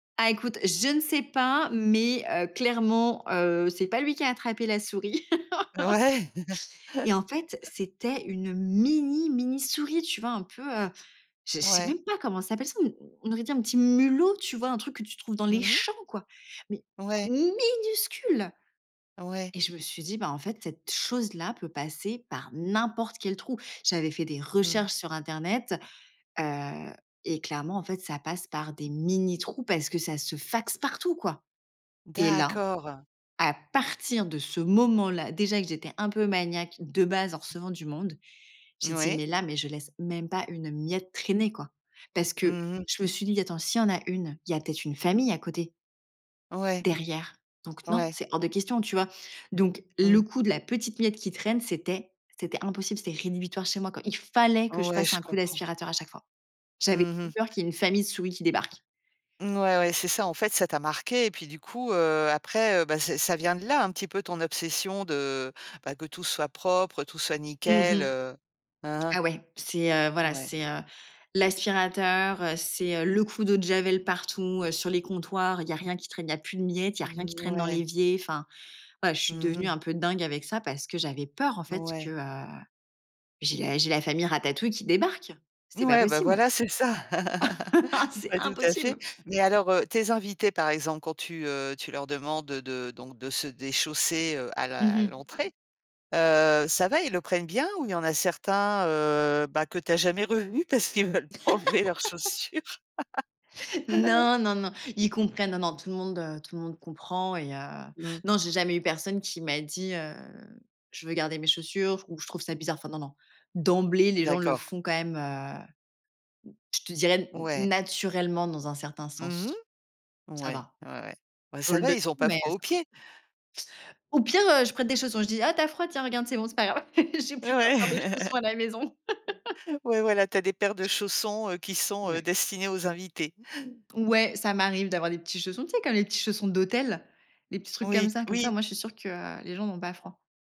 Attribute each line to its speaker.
Speaker 1: Ah écoute, je ne sais pas, mais heu, clairement, heu, c'est pas lui qui a attrapé la souris.
Speaker 2: Ouais.
Speaker 1: Et en fait, c'était une mini mini souris. Tu vois un peu, heu, je je sais
Speaker 2: Ouais.
Speaker 1: même pas comment s'appelle ça. On aurait dit un petit mulot, tu vois? Un truc que tu trouves dans les
Speaker 2: Mmh mh.
Speaker 1: champs quoi, mais
Speaker 2: Ouais.
Speaker 1: minuscule
Speaker 2: Ouais.
Speaker 1: et je me suis dit: «Bah, en fait, cette chose-là peut passer par n'importe quel trou». J'avais fait des
Speaker 2: Mmh.
Speaker 1: recherches sur internet, heu, et clairement, en fait, ça passe par des mini trous parce que ça se faxe partout, quoi, et là,
Speaker 2: D'accord.
Speaker 1: à partir de ce moment là, déjà que j'étais un peu maniaque de base en recevant du monde, j'ai dit:
Speaker 2: Oui.
Speaker 1: «Mais là, mais je laisse même pas une miette traîner, quoi». Parce que
Speaker 2: Mmh mh.
Speaker 1: je me suis dit: «Attends, s'il y en a une, il y a peut être une famille à côté».
Speaker 2: Ouais.
Speaker 1: Derrière, donc non,
Speaker 2: Ouais.
Speaker 1: c'est hors de question, tu vois? Donc le
Speaker 2: Mmh.
Speaker 1: coup de la petite miette qui traîne, c'était c'était impossible. C'était rédhibitoire chez moi, quoi. Il fallait que je
Speaker 2: Ouais,
Speaker 1: passe
Speaker 2: je
Speaker 1: un coup
Speaker 2: comprends.
Speaker 1: d'aspirateur à chaque fois. J'avais
Speaker 2: Mmh
Speaker 1: trop peur
Speaker 2: mh.
Speaker 1: qu'il y ait une famille de souris qui débarque.
Speaker 2: Ouais, ouais, c'est ça, en fait, ça t'a marqué, et puis, du coup, heu, après, heu, ben ça ça vient de là, un petit peu, ton obsession de, ben, que tout soit propre, tout soit
Speaker 1: Mmh
Speaker 2: nickel,
Speaker 1: mh,
Speaker 2: heu, hein
Speaker 1: ah
Speaker 2: hein.
Speaker 1: ouais, c'est, heu, voilà,
Speaker 2: Ouais.
Speaker 1: c'est, heu, l'aspirateur, heu, c'est le coup d'eau de javel partout, heu, sur les comptoirs, il y a rien qui traîne, il y a plus de miettes, il y a rien qui traîne dans
Speaker 2: Mouais.
Speaker 1: l'évier. Enfin, voila, je suis
Speaker 2: Mmh
Speaker 1: devenue
Speaker 2: mh.
Speaker 1: un peu dingue avec ça parce que j'avais peur en fait que,
Speaker 2: Ouais.
Speaker 1: heu, j'ai la j'ai la famille ratatouille qui débarque. C'est pas
Speaker 2: Ouais, ben
Speaker 1: possible.
Speaker 2: voilà, c'est ça.
Speaker 1: C'est
Speaker 2: Pas tout à fait,
Speaker 1: impossible.
Speaker 2: mais alors, heu, tes invités, par exemple, quand tu, heu, tu leur demandes de donc de se déchausser, heu, a la
Speaker 1: Mmh
Speaker 2: à
Speaker 1: mh.
Speaker 2: l'entrée, heu, ça va, ils le prennent bien ou il y en a certains, heu, bah, que tu as jamais revus parce qu'ils ne veulent pas enlever leurs chaussures?
Speaker 1: Non, non, non, ils comprennent, non, non, tout le monde, heu, tout le monde comprend, et heu,
Speaker 2: Mmh.
Speaker 1: non, j'ai jamais eu personne qui m'a dit: «Heu, je veux garder mes chaussures» ou «Je trouve ça bizarre». Enfin, non, non, d'emblée, les gens le
Speaker 2: D'accord.
Speaker 1: font quand même, heu, je te dirais
Speaker 2: Ouais.
Speaker 1: na naturellement, dans un certain
Speaker 2: Mmh mh,
Speaker 1: sens, ça
Speaker 2: ouais,
Speaker 1: va.
Speaker 2: ouais, ouais, ben,
Speaker 1: Je
Speaker 2: ça
Speaker 1: le
Speaker 2: va,
Speaker 1: demande,
Speaker 2: ils ont pas
Speaker 1: mais
Speaker 2: froid
Speaker 1: heu, ça
Speaker 2: aux
Speaker 1: va.
Speaker 2: pieds.
Speaker 1: Au pire, heu, je prête des chaussons, je dis: «Ah tu as froid, tiens regarde c'est bon, c'est pas grave. J'ai plusieurs paires de
Speaker 2: Ouais.
Speaker 1: chaussons à la maison».
Speaker 2: Ouais, voilà, tu as des paires de chaussons, heu, qui sont, heu,
Speaker 1: Ouais.
Speaker 2: destinés aux invités.
Speaker 1: Ouais, ça m'arrive d'avoir des petits chaussons, tu sais, comme les petits chaussons d'hôtel, les petits trucs comme
Speaker 2: Oui,
Speaker 1: ça. Comme ça, au
Speaker 2: oui.
Speaker 1: moins, je suis sûre que les gens n'ont pas froid.